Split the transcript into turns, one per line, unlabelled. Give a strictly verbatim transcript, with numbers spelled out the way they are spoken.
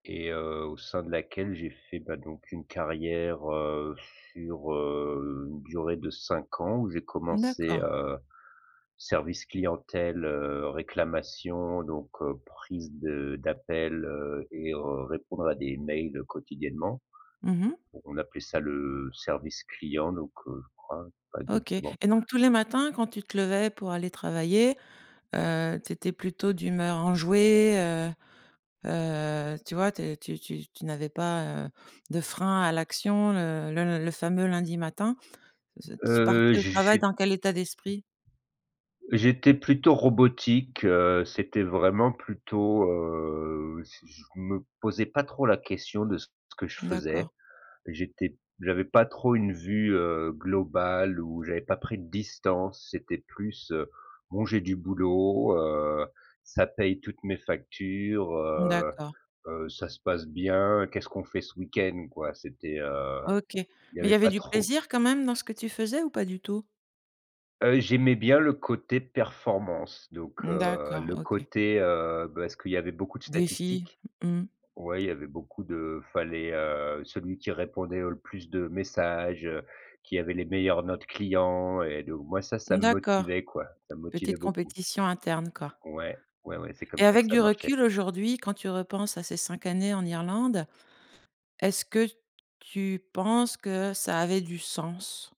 Et heu, au sein de laquelle j'ai fait, bah, donc une carrière, heu, sur, heu, une durée de cinq ans où j'ai commencé,
D'accord.
heu, service clientèle, heu, réclamation donc heu, prise de d'appel, heu et heu, répondre à des mails quotidiennement.
Mmh mh.
On appelait ça le service client, donc heu, je crois, pas
OK
exactement.
et donc tous les matins, quand tu te levais pour aller travailler, heu, tu étais plutôt d'humeur enjouée, heu heu, tu vois? Tu es tu tu tu n'avais pas, heu, de frein à l'action, heu, le le fameux lundi matin. Tu
Heu,
partais au travail
j'ai
dans quel état d'esprit?
j'étais plutôt robotique, heu, c'était vraiment plutôt, heu, je je me posais pas trop la question de ce que je
D'accord.
faisais. J'étais j'avais pas trop une vue, heu, globale où j'avais pas pris de distance, c'était plus, heu, bon j'ai du boulot, heu, ça paye toutes mes factures, heu
D'accord.
heu, ça se passe bien. Qu'est-ce qu'on fait ce week-end? Quoi, c'était, heu,
OK, mais
il y
il
avait
y avait
pas
du
trop
plaisir quand même dans ce que tu faisais ou pas du tout?
Heu, j'aimais bien le côté performance, donc heu,
D'accord,
le
OK.
côté, heu, parce qu'il y avait beaucoup de
Défi.
statistiques.
Mmh.
Ouais, il y avait beaucoup de il fallait, heu celui qui répondait au le plus de messages, heu, qui avait les meilleures notes clients et de moi ça ça me
D'accord,
motivait quoi, ça me motivait
petite
beaucoup.
compétition interne, quoi.
Ouais, ouais, ouais c'est comme
Et
ça que
avec
ça
du
marchait.
recul aujourd'hui, quand tu repenses à ces cinq années en Irlande, est-ce que tu penses que ça avait du sens?